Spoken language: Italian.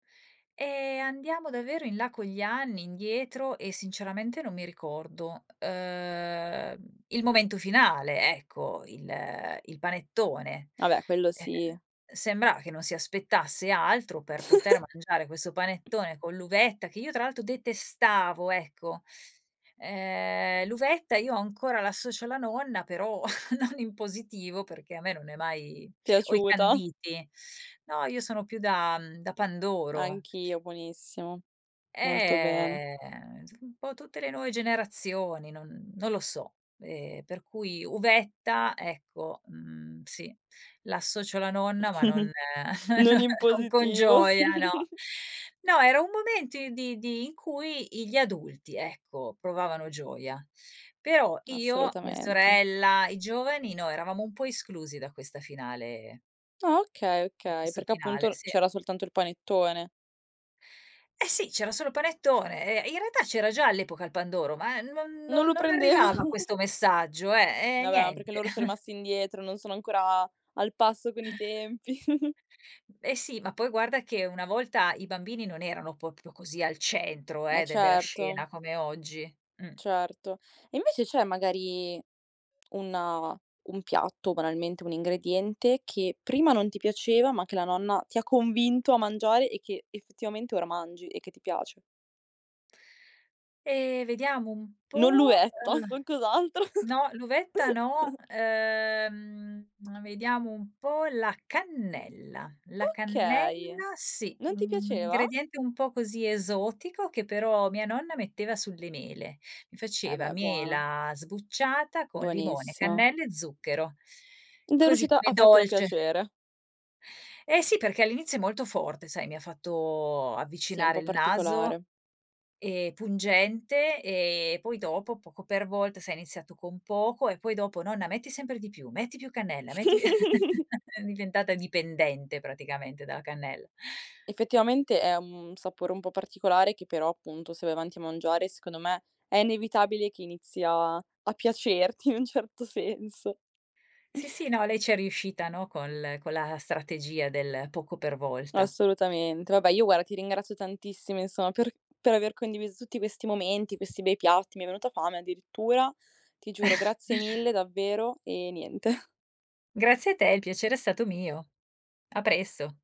Ehm, andiamo davvero in là con gli anni, indietro, e sinceramente non mi ricordo, uhm, il momento finale, ecco, il il panettone. Ah beh, quello Eh, sì. ehm, sembra che non si aspettasse altro per poter mangiare questo panettone con l'uvetta che io, tra l'altro, detestavo ecco. Uhm, l'uvetta io ancora l'associo alla nonna, però non in positivo perché a me non è mai o i Piaciuta. canditi. No, io sono più da mhmm, da pandoro. Anch'io, buonissimo. Molto bene. Ehm, insom un po' tutte le nuove generazioni, non non lo so. Ehm, per cui uvetta, ecco, mhmm, sì l'associo alla nonna ma non Non non in non con positivo. gioia, no. No, era un momento i di di in cui i gli adulti, ecco, provavano gioia. Però io, mia Assolutamente. sorella, i giovani no eravamo un po' esclusi da questa finale Ah okay, in okay, questo perché finale, appunto n sì. c'era soltanto il panettone. Eh sì, c'era solo panettone. Ehm, in realtà c'era già all'epoca il pandoro, ma non Non non lo non arrivava prendevano. questo messaggio, eh, eh Vabbè, ma perché niente. loro so e rimasti indietro, non sono ancora al passo con i tempi. E sì, ma poi guarda che una volta i bambini non erano proprio così al centro Eh eh, de della certo. scena come oggi, mh. Certo. Invece c'è magari una un piatto, banalmente un ingrediente, che prima non ti piaceva, ma che la nonna ti ha convinto a mangiare e che effettivamente ora mangi e che ti piace? Ehm, vediamo un Non po': l'uvetta, eh, qualcos'altro. no, l'uvetta no. Uhm, uhm, vediamo un po' la cannella. La Okay. cannella sì, Non ti un un piaceva? ingrediente un po' così esotico, che però mia nonna metteva sulle mele. Mi E faceva beh, buona. mela sbucciata con limone, Buonissima. cannella e zucchero; Ed è così riuscita come a fartelo dolce. piacere. Eh sì perché all'inizio è molto forte sai, mi ha fatto Sì, è un avvicinare po' il naso, particolare. ehm, pungente e poi dopo, poco per volta, se hai iniziato con poco e poi dopo: "Nonna metti sempre di più, metti più cannella, metti più" ero diventata dipendente praticamente dalla cannel Effettivamente è un sapore un po' particolare che però, appunto, se vai avanti a mangiare, secondo me, è inevitabile che inizi a a piacerti in un certo senso. Sì, sì, no, lei ci è riuscita, no, con l con la strategia del poco per volta. Assolutamente. Vabbè, io guarda ti ringrazio tantissimo inso per per aver condiviso tutti questi momenti, questi bei piatti. Mi è venuta fame addirittura. Ti giuro grazie mille davvero e niente. Grazie a te, il piacere è stato mio. A presto.